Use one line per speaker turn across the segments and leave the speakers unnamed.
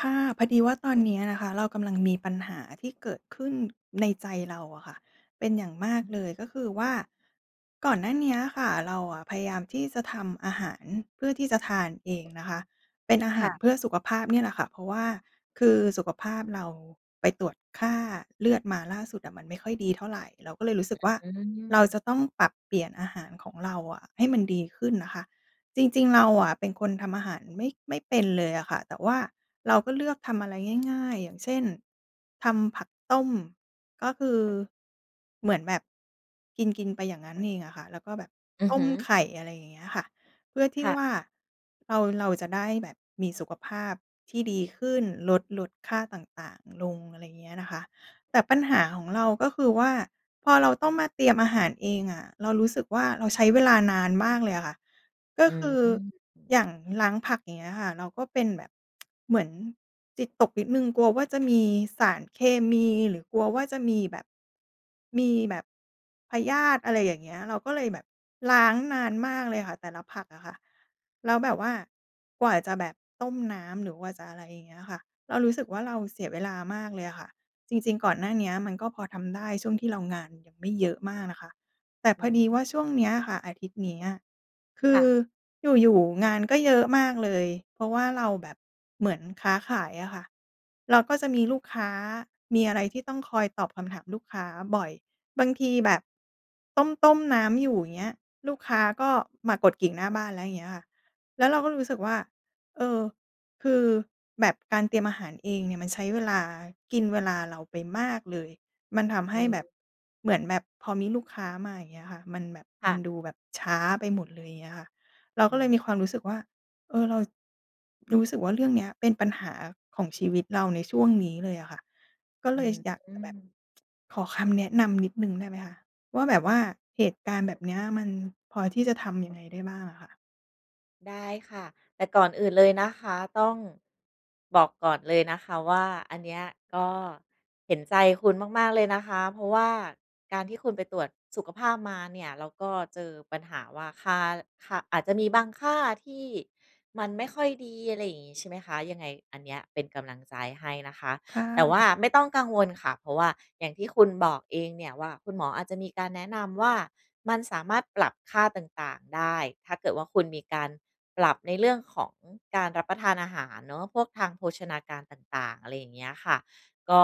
ค่ะ พอดีว่าตอนเนี้ยนะคะ เรากำลังมีปัญหาที่เกิดขึ้นในใจเราอะค่ะ เป็นอย่างมาก
อือ
เลย ก็คือว่า ก่อนหน้าเนี้ยค่ะ เราอะพยายามที่จะทำอาหารเพื่อที่จะทานเองนะคะ เป็นอาห
ค
า
่
ร
ะ
เพื่อสุขภาพเนี่ยแหละค่ะ เพราะว่าคือสุขภาพเราไปตรวจค่าเลือดมาล่าสุดอะมันไม่ค่อยดีเท่าไร เราก็เลยรู้สึกว่า
อื
เราจ
ม
ะต้องปรับเปลี่ยนอาหารของเราอะให้มันดีขึ้นนะคะ จริง ๆ เราอะเป็นคนทำอาหารไม่ ไม่เป็นเลยอะค่ะ แต่ว่าเราก็เลือกทำอะไรง่าย ๆ อย่างเช่น ทำผักต้ม ก็คือ เหมือนแบบ กิน ๆ ไปอย่างงั้นเองอะค่ะ แล้วก็แบบ
อือ
ต้
ฮ
ม
ึ
ไข่ อะไรอย่างเงี้ยค่ะ เพื่อที
ค
่
่ะ
ว่า เรา เราจะได้แบบมีสุขภาพที่ดีขึ้น ลด ลดค่าต่าง ๆ ลง อะไรอย่างเงี้ยนะคะ แต่ปัญหาของเราก็คือว่า พอเราต้องมาเตรียมอาหารเองอะ เรารู้สึกว่า เราใช้เวลานานมากเลยอะค่ะ ก็
อื
ค
อ
ือ
อื
อย่
ม
างล้างผัก อย่างเงี้ยค่ะ เราก็เป็นแบบ เหมือนจิตตกนิดหนึ่ง กลัวว่าจะมีสารเคมี หรือกลัวว่าจะมีแบบ มีแบบ พยาธิ อะไรอย่างเงี้ย เราก็เลยแบบล้างนานมากเลยค่ะ แต่ละผักอะค่ะ แล้วแบบว่ากว่าจะแบบต้มน้ำ หรือว่าจะอะไรอย่างเงี้ยค่ะ เรารู้สึกว่า เราเสียเวลามากเลยอะค่ะ จริง ๆ ก่อนหน้าเนี้ยมันก็พอทำได้ ช่วงที่เรางานยังไม่เยอะมากนะคะ แต่
อ
พ
ื
อ
อ
ดี
ฮึ
ว่าช่วงเนี้ยอะค่ะ อาทิตย์เนี้ย คื
ค่
อ
ะ
อยู่ ๆ งานก็เยอะมากเลย เพราะว่าเราแบบเหมือนค้าขายอะค่ะ เราก็จะมีลูกค้า มีอะไรที่ต้องคอยตอบคำถามลูกค้าบ่อย บางทีแบบต้ม ๆ น้ำอยู่ อย่างเงี้ย ลูกค้าก็มากดกริ่งหน้าบ้านแล้ว อย่างเงี้ยค่ะ แล้วเราก็รู้สึกว่า เออ คือ แบบการเตรียมอาหารเองเนี่ยมันใช้เวลา กินเวลาเราไปมากเลย มันทำให
อื
้แบ
ม
บ เหมือนแบบพอมีลูกค้ามา อย่างเงี้ยค่ะ มันแบบ
ค
ม
่
ัน
ะ
ดูแบบช้าไปหมดเลย อย่างเงี้ยค่ะ เรา
อ
ก
ื
็เลย
ม
มีความรู้สึกว่า เออ เรา รู้สึกว่า เรื่องเนี้ยเป็นปัญหาของชีวิตเราในช่วงนี้เลยอะค่ะ ก็
อ
เล
ื
ย
อ
ช อยาก
อื
จะแบบ
ม
ขอคำแนะนำนิดหนึ่งได้ไหมคะว่า แบบว่าเหตุการณ์แบบเนี้ย มันพอที่จะทำยังไงได้บ้างอะค่ะ?
ได้ค่ะ แต่ก่อนอื่นเลยนะคะ ต้อง บอกก่อนเลยนะคะว่า อันเนี้ยก็เห็นใจคุณมาก ๆ เลยนะคะ เพราะว่าการที่คุณไปตรวจสุขภาพมาเนี่ย แล้วก็เจอปัญหาว่า ค่า ค่า อาจจะมีบางค่าที่มันไม่ค่อยดี อะไรอย่างงี้ใช่ไหมคะ ยังไงอันเนี้ยเป็นกำลังใจให้นะคะ
ค่
แต่ว่า
ะ
ไม่ต้องกังวลค่ะ เพราะว่าอย่างที่คุณบอกเองเนี่ยว่า คุณหมออาจจะมีการแนะนำว่า "มันสามารถปรับค่าต่าง ๆ ได้ ถ้าเกิดว่าคุณมีการปรับในเรื่องของการรับประทานอาหารเนาะ พวกทางโภชนาการต่าง ๆ" อะไรอย่างเงี้ยค่ะ ก็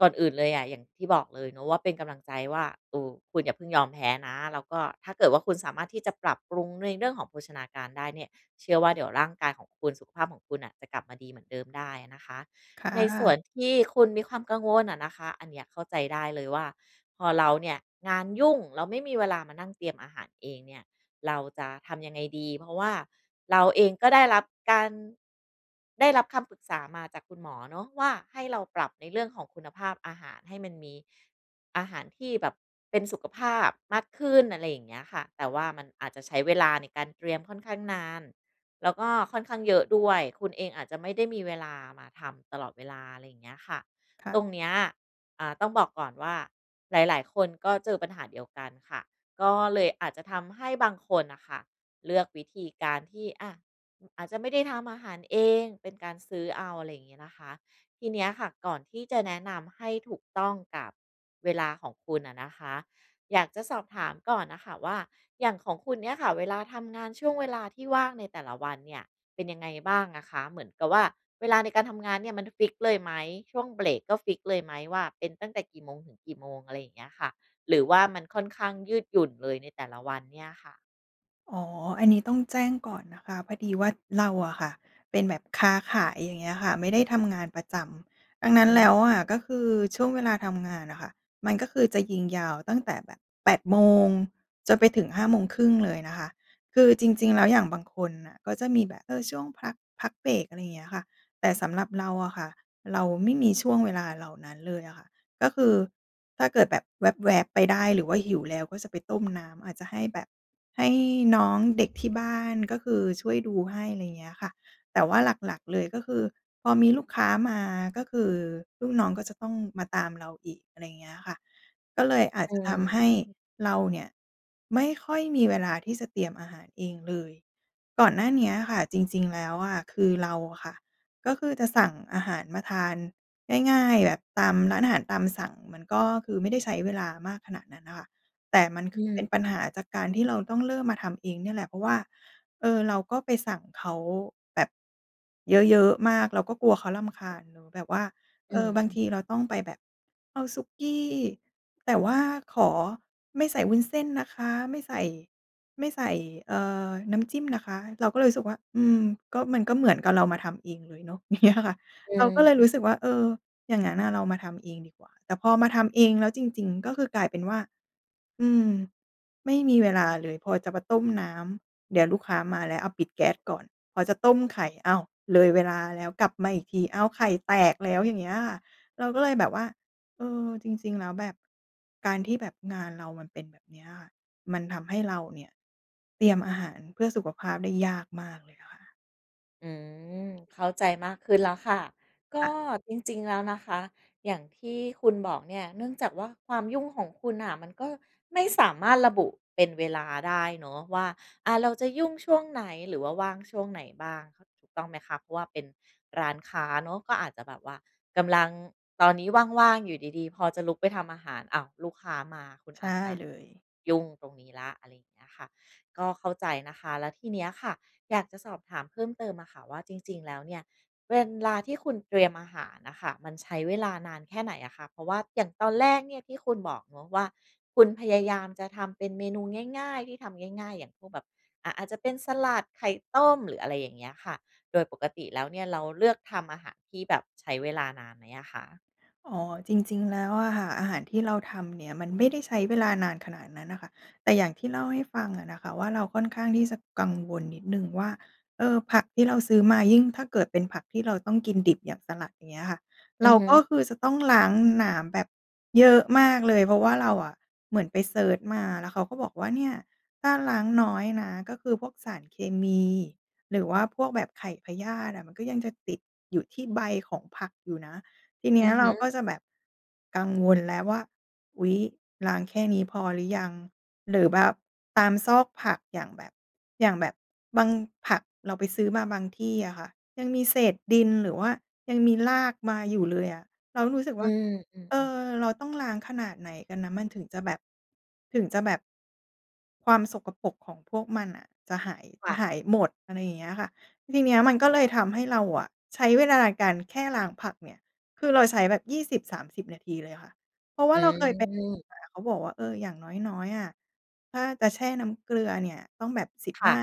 ก่อนอื่นเลยอะ อย่างที่บอกเลยเนาะ ว่าเป็นกำลังใจว่า เออ คุณอย่าเพิ่งยอมแพ้นะ แล้วก็ถ้าเกิดว่าคุณสามารถที่จะปรับปรุงในเรื่องของโภชนาการได้เนี่ย เชื่อว่าเดี๋ยวร่างกายของคุณ สุขภาพของคุณน่ะ จะกลับมาดีเหมือนเดิมได้อะนะคะ
ค่
ในส่ว
ะ
นที่คุณมีความกังวลอะนะคะ อันเนี้ยเข้าใจได้เลยว่าพอเราเนี่ยงานยุ่ง แล้วไม่มีเวลามานั่งเตรียมอาหารเองเนี่ย เราจะทำยังไงดี? เพราะว่าเราเองก็ได้รับการ ได้รับคำปรึกษามาจากคุณหมอเนาะว่า ให้เราปรับในเรื่องของคุณภาพอาหารให้มันมี อาหารที่แบบเป็นสุขภาพมากขึ้น อะไรอย่างเงี้ยค่ะ แต่ว่ามันอาจจะใช้เวลาในการเตรียมค่อนข้างนาน แล้วก็ค่อนข้างเยอะด้วย คุณเองอาจจะไม่ได้มีเวลามาทำตลอดเวลา อะไรอย่างเงี้ยค่ะ
ค่
ต
ะ
รงเนี้ย อ่า ต้องบอกก่อนว่าหลาย ๆ คนก็เจอปัญหาเดียวกันค่ะ ก็เลยอาจจะทำให้บางคนน่ะค่ะ เลือกวิธีการที่ อา อาจจะไม่ได้ทำอาหารเอง เป็นการซื้อเอา อะไรอย่างงี้นะคะ ทีเนี้ยค่ะ ก่อนที่จะแนะนำให้ถูกต้องกับเวลาของคุณอะนะคะ อยากจะสอบถามก่อนน่ะค่ะว่า อย่างของคุณเนี่ยค่ะ เวลาทำงาน ช่วงเวลาที่ว่างในแต่ละวันเนี่ยเป็นยังไงบ้างอะคะ? เหมือนกับว่าเวลาในการทำงานเนี่ยมันฟิกซ์เลยไหม? ช่วงเบรกก็ฟิกซ์เลยไหมว่าเป็นตั้งแต่กี่โมงถึงกี่โมง? อะไรอย่างเงี้ยค่ะ หรือว่ามันค่อนข้างยืดหยุ่นเลยในแต่ละวันเนี่ยค่ะ?
อ๋อ อันนี้ต้องแจ้งก่อนนะคะ พอดีว่าเราอะค่ะเป็นแบบค้าขาย อย่างเงี้ยค่ะ ไม่ได้ทำงานประจำ ดังนั้
อื
นแล้ว
ม
อะก็คือช่วงเวลาทำงานน่ะค่ะ มันก็คือจะยิงยาวตั้งแต่แบบ 8 โมง จนไปถึง 5 โมงครึ่งเลยนะคะ คือจริง ๆ แล้ว อย่างบางคนน่ะก็จะมีแบะ เออ ช่วงพัก พักเบรก อะไรเงี้ยค่ะ แต่สำหรับเราอะค่ะ เราไม่มีช่วงเวลาเหล่านั้นเลยอะค่ะ ก็คือถ้าเกิดแบบแว็บ ๆ ไปได้หรือว่าหิวแล้ว ก็จะไปต้มน้ำ อาจจะให้แบบ ให้น้องเด็กที่บ้าน ก็คือช่วยดูให้ อะไรเงี้ยค่ะ แต่ว่าหลัก ๆ เลยก็คือ พอมีลูกค้ามา ก็คือลูกน้องก็จะต้องมาตามเราอีก อะไรเงี้ยค่ะ ก็เลยอาจ
อื
จะ
อ
ทำให้
ฮึ
เราเนี่ยไม่ค่อยมีเวลาที่จะเตรียมอาหารเองเลย ก่อนหน้าเนี้ยค่ะจริง ๆ แล้วอะ คือเราอะค่ะ ก็คือจะสั่งอาหารมาทานง่าย ๆ แบบตามร้านอาหารตามสั่ง มันก็คือไม่ได้ใช้เวลามากขนาดนั้นน่ะค่ะ แต่มันค
อ
ือเป
ื
็
ม
นปัญหาจากการที่เราต้องเริ่มมาทำเองเนี่ยแหละ เพราะว่า เอ่อ เราก็ไปสั่งเขาแบบเยอะ ๆ มาก เราก็กลัวเขารำคาญ หรือแบบว่า เ
อ
อ
ื
อ บางท
ม
ีเราต้องไปแบบ "เอาสุกี้ แต่ว่าขอไม่ใส่วุ้นเส้นนะคะ ไม่ใส่ ไม่ใส่ เอ่อ น้ำจิ้มนะคะ" เราก็เลยรู้สึกว่า อืม ก็มัน ก็เหมือนกับเรามาทำเองเลยเนาะ อย่างเงี้ยอะค่ะ
อื
เรา
อ
ก็เลย
ฮึ
รู้สึกว่า เออ อย่างงั้นน่ะเรามาทำเองดีกว่า แต่พอมาทำเองแล้วจริง ๆ ก็คือกลายเป็นว่า อืม ไม่มีเวลาเลย พอจะมาต้มน้ำเดี๋ยวลูกค้ามาแล้ว อา ปิดแก๊สก่อน พอจะต้มไข่ อ้าว! เลยเวลาแล้ว กลับมาอีกที อ้าว! ไข่แตกแล้วอย่างเงี้ยค่ะ เราก็เลยแบบว่า เออ จริง ๆ แล้วแบบ การที่แบบงานเรามันเป็นแบบเนี้ยค่ะ มันทำให้เราเนี่ยเตรียมอาหารเพื่อสุขภาพได้ยากมากเลยอะค่ะ
อืม เข้าใจมากขึ้นแล้วค่ะ ก
ค่
็
ะ
จริง ๆ แล้วนะคะ อย่างที่คุณบอกเนี่ย เนื่องจากว่าความยุ่งของคุณน่ะ มันก็ไม่สามารถระบุเป็นเวลาได้เนาะว่า อา เราจะยุ่งช่วงไหน หรือว่าว่างช่วงไหนบ้าง [unintelligible] ถูกต้องไหมคะ? เพราะว่าเป็นร้านค้าเนาะ ก็อาจจะแบบว่ากำลัง ตอนนี้ว่าง ๆ อยู่ดี ๆ พอจะลุกไปทำอาหาร อ้าว! ลูกค้ามา คุณ
ใช
อ
่
าจจะ
เลย
ยุ่งตรงนี้แล้ว อะไรอย่างเงี้ยค่ะ ก็เข้าใจนะคะ แล้วทีเนี้ยค่ะ อยากจะสอบถามเพิ่มเติมอะค่ะ ว่าจริง ๆ แล้วเนี่ย เวลา ที่คุณเตรียมอาหารน่ะค่ะ มันใช้เวลานานแค่ไหนอะคะ? เพราะว่า อย่างตอนแรกเนี่ย ที่คุณบอกเนาะว่า คุณพยายามจะทำเป็นเมนูง่าย ๆ ที่ทำง่าย ๆ อย่างพวกแบบ อะ อาจจะเป็นสลัด ไข่ต้ม หรืออะไรอย่างเงี้ยค่ะ โดยปกติแล้วเนี่ย เราเลือกทำอาหารที่แบบใช้เวลานานไหมอะคะ?
อ๋อ จริง ๆ แล้วอะค่ะ อาหารที่เราทำเนี่ย มันไม่ได้ใช้เวลานานขนาดนั้นน่ะค่ะ แต่อย่างที่เล่าให้ฟังอะนะคะ ว่าเราค่อนข้างที่จะกังวลนิดหนึ่งว่า เออ ผักที่เราซื้อมา ยิ่งถ้าเกิดเป็นผักที่เราต้องกินดิบอย่าง สลัด อย่างเงี้ยอะค่ะ เ
อ
ร
ื
า
อฮ
ก็
ึ
คือจะต้องล้างน้ำแบบเยอะมากเลย เพราะว่าเราอะเหมือนไปเซิร์ชมา แล้วเขาก็บอกว่า "เนี่ย! ถ้าล้างน้อยนะ ก็คือพวกสารเคมี หรือว่าพวกแบบไข่พยาธิอะ มันก็ยังจะติดอยู่ที่ใบของผักอยู่นะ" ทีเนี้
อ
ย
ือ
เ
ฮ
รา
ึ
ก็จะแบบกังวลแล้วว่า "อุ๊ย ล้างแค่นี้พอหรือยัง?" หรือแบบตามซอกผัก อย่างแบบ อย่างแบบบาง ผักเราไปซื้อมาบางที่อะค่ะ ยังมีเศษดินหรือว่ายังมีรากมาอยู่เลยอะ เรารู้สึกว
อื
่า
อ อื
เอ
อ ๆ
อ เราต้องล้างขนาดไหนกันนะ มันถึงจะแบบ ถึงจะแบบ ความสกปรกของพวกมันน่ะ จะหาย จ
ค
ะ
่ะ
หายหมด อะไรอย่างเงี้ยอะค่ะ ทีเนี้ย มันก็
น
เล
า
ย
น
ทำ
ข
ให
ึ้
้
น
เราอะ ใช้เวลาในการแค่ล้างผักเนี่ย คือเราใช้แบบ 20 30 นาทีเลยอะค่ะ เพราะว่
อ
าเราเคยไป
ืม
หา เขาบอกว่า "เออ อย่างน้อย ๆ อะ ถ้าจะแช่น้ำเกลือเนี่ย ต้องแบบ สิบ
ค
ห
่
้า
ะ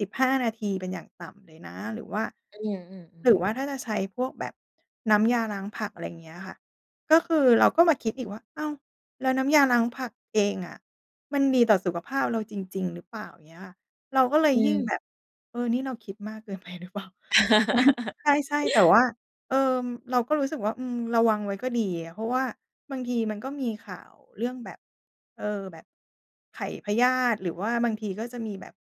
15 นาทีเป็นอย่างต่ำเลยนะ" หรือว่า
อืม อื
ห
อ
รื
ๆ
อว่าถ้าจะใช้พวกแบบน้ำยาล้างผัก อะไรอย่างเงี้ยอะค่ะ ก็คือเราก็มาคิดอีกว่า "อ้าว! แล้วน้ำยาล้างผักเองอะ มันดีต่อสุขภาพเราจริง ๆ หรือเปล่า?" เงี้ยอะค่ะ เราก็เลย
อ
ยิ่งแ
ืม
บบ "เออ นี่เราคิดมาก เกินไปหรือเปล่า" ใช่ ๆ แต่ว่า เอ่อ เราก็รู้สึกว่า อืม ระวังไว้ก็ดีอะ เพราะว่าบางทีมันก็มีข่าวเรื่องแบบ เออ แบบไข่พยาธิ หรือว่าบางทีก็จะมีแบบ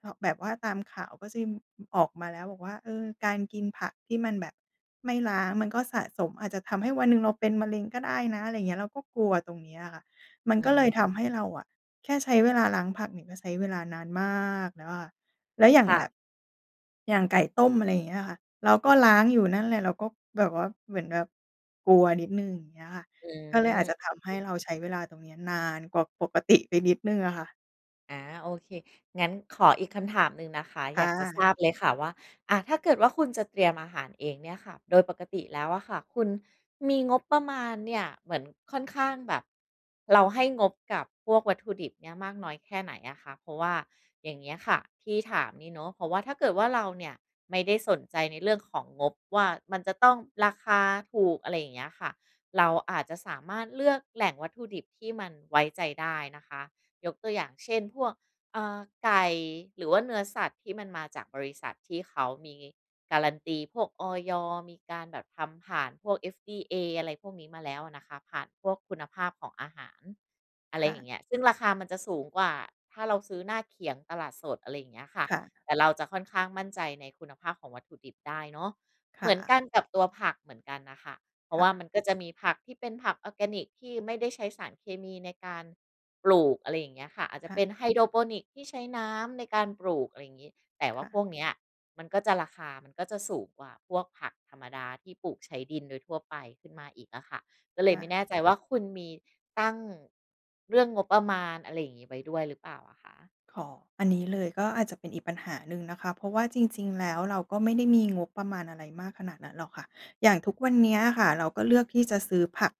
เหาะ แบบว่าตามข่าวก็จะมี ออกมา แล้วบอกว่า "เออ การกินผักที่มันแบบไม่ล้างมันก็สะสม อาจจะทำให้วันหนึ่งเราเป็นมะเร็งก็ได้นะ" อะไรเงี้ย เราก็กลัวตรงเนี้ยอะค่ะ มัน
อ
ก็เลย
ืม
ทำให้เราอะ แค่ใช้เวลาล้างผักเนี่ย ก็ใช้เวลานานมากแล้วอะค่ะ แล้วอย่าง
ค่
แบ
ะ
บ อย่างไก่ต้ม อะไรอย่างเงี้ยอะค่ะ เราก็ล้างอยู่นั่นแหละ เราก็แบบว่า เหมือนแบบกลัวนิดหนึ่ง อย่างเงี้ยค่ะ
อื
ก็เลยอา
ม
จจะ
โ
ท
อ
ำให
เ
้เรา
ค
ใช้เวลาตรงเนี้ย นานกว่าปก ติ ไปนิดหนึ่งอ่ะค่ะ
อา โอเค งั้นขออีกคำถามหนึ่งนะคะ
ค
อ
่
ยากจะท
ะ
ราบเลยค่ะว่า อะ ถ้าเกิดว่าคุณจะเตรียมอาหารเองเนี่ยค่ะ โดยปกติแล้วอะค่ะ คุณมีงบประมาณเนี่ย เหมือนค่อนข้างแบบ เราให้งบกับพวกวัตถุดิบเนี่ยมากน้อยแค่ไหนอะคะ? เพราะว่าอย่างเงี้ยค่ะ ที่ถามนี่เนาะ เพราะว่าถ้าเกิดว่าเราเนี่ยไม่ได้สนใจในเรื่องของงบว่า มันจะต้องราคาถูก อะไรอย่างเงี้ยค่ะ เราอาจจะสามารถเลือกแหล่งวัตถุดิบที่มันไว้ใจได้นะคะ ยกตัวอย่างเช่น พวก อ่า ไก่ หรือว่าเนื้อสัตว์ที่มันมาจากบริษัทที่เขามี guarantee พวก อย. มีการแบบทำผ่านพวก FDA อะไรพวกนี้มาแล้วอะนะคะ ผ่านพวกคุณภาพของอาหาร อะไ
ค
ร
่
อย่
ะ
างเงี้ย ซึ่งราคามันจะสูงกว่าถ้าเราซื้อหน้าเขียงตลาดสด อะไรอย่างเงี้ยค่ะ
ค่ะ
แต่เราจะค่อนข้างมั่นใจในคุณภาพของวัตถุดิบได้เนาะ
ค
เห
่
มือน
ะ
กันกับตัวผักเหมือนกันน่ะค่ะ เพรา
ค
ะ
่
ว่า
ะ
มันก็จะมีผักที่เป็นผักออร์แกนิก ที่ไม่ได้ใช้สารเคมีในการปลูก อะไรอย่างเงี้ยค่ะ อาจจ
ค
ะ
่
เป
ะ
็น ไฮโดรพอนิกส์ที่ใช้น้ำในการปลูก อะไรอย่างงี้ แต่ว
ค
่า
่ะ
พวกเนี้ย มันก็จะราคามันก็จะสูงกว่าพวกผักธรรมดา ที่ปลูกใช้ดินโดยทั่วไปขึ้นมาอีกอะค่ะ ก็เล
ค
ย
่
ไม่
ะ
แน่ใจว่า คุณมีตั้ง เรื่องงบประมาณอะไรอย่างงี้ไว้ด้วยหรือเปล่าอะคะ?
อ๋อ อันนี้เลยก็อาจจะเป็นอีกปัญหาหนึ่งนะคะ เพราะว่าจริง ๆ แล้ว เราก็ไม่ได้มี งบประมาณอะไรมากขนาดนั้นหรอกค่ะ อย่างทุกวันเนี้ยค่ะ เราก็เลือกที่จะซื้อผัก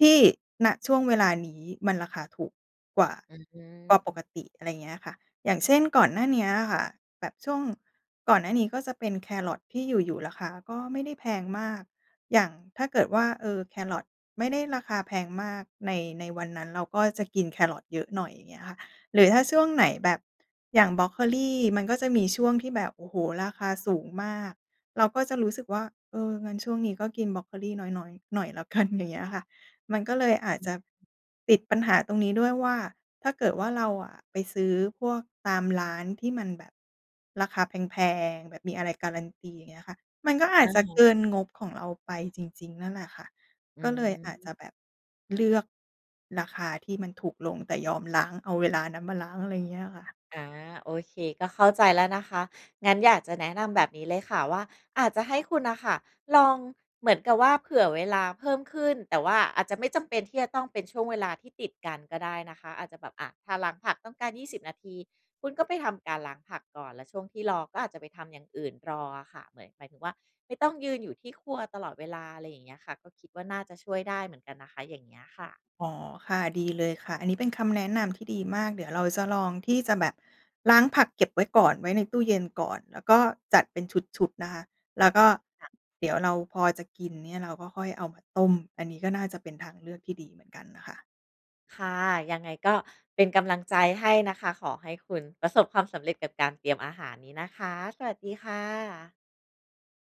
ที่ ณ ช่วงเวลานี้มันราคาถูกกว่า
อือฮ
กว่าป
ึ
กติ อะไรเงี้ยค่ะ อย่างเช่นก่อนหน้าเนี้ยอะค่ะ แบบช่วงก่อนหน้านี้ก็จะเป็นแคร์รอตที่อยู่ ๆ ราคาก็ไม่ได้แพงมาก อย่างถ้าเกิดว่า เอ่อ แคร์รอตไม่ได้ราคาแพงมากใน ในวันนั้น เราก็จะกินแคร์รอตเยอะหน่อย อย่างเงี้ยค่ะ หรือถ้าช่วงไหนแบบอย่างบรอกโคลีมันก็จะมีช่วงที่แบบ โอ้โฮ ราคาสูงมาก เราก็จะรู้สึกว่า เออ งั้นช่วงนี้ก็กินบรอกโคลีน้อย ๆ หน่อยแล้วกัน อย่างเงี้ยค่ะ มันก็เลยอาจ
อ
จ
ื
ะ
ม
ติดปัญหาตรงนี้ด้วยว่า ถ้าเกิดว่าเราอะไปซื้อพวกตามร้านที่มันแบบราคาแพง ๆ แบบมีอะไร guarantee อย่างเงี้ยค่ะ มันก็อา
อ
จ
ะ
จะ
ฮ
เก
ะ
ินงบของเราไปจริง ๆ นั่นแหละค่ะ
อื
ก็เลยอาจจ
ม
ะแบบเลือก ราคาที่มันถูกลง แต่ยอมล้าง เอาเวลานั้นมาล้าง อะไรอย่างเงี้ยค่ะ
อา โอเค ก็เข้าใจแล้วนะคะ งั้นอยากจะแนะนำแบบนี้เลยค่ะว่า อาจจะให้คุณน่ะค่ะ ลองเหมือนกับว่าเผื่อเวลาเพิ่มขึ้น แต่ว่าอาจจะไม่จำเป็นที่จะต้องเป็นช่วงเวลาที่ติดกันก็ได้นะคะ อาจจะแบบ อะ ถ้าล้างผักต้องการ 20 นาที คุณก็ไปทำการล้างผักก่อน แล้วช่วงที่รอก็อาจจะไปทำอย่างอื่นรออะค่ะ เหมือน หมายถึงว่า ไม่ต้องยืนอยู่ที่ครัวตลอดเวลา อะไรอย่างเงี้ยค่ะ ก็คิดว่าน่าจะช่วยได้เหมือนกันนะคะ อย่างเงี้ยค่ะ
อ๋อ ค่ะ ดีเลยค่ะ อันนี้เป็นคำแนะนำที่ดีมาก เดี๋ยวเราจะลองที่จะแบบล้างผักเก็บไว้ก่อน ไว้ในตู้เย็นก่อน แล้วก็จัดเป็นชุด ๆ นะคะ แล้วก็
ค่ะ
เดี๋ยวเราพอจะกินเนี่ย เราก็ค่อยเอามาต้ม อันนี้ก็น่าจะเป็นทางเลือกที่ดีเหมือนกันน่ะค่ะ
ค่ะ ยังไงก็เป็นกำลังใจให้นะคะ ขอให้คุณประสบความสำเร็จกับการเตรียมอาหารนี้นะคะ สวัสดีค่ะ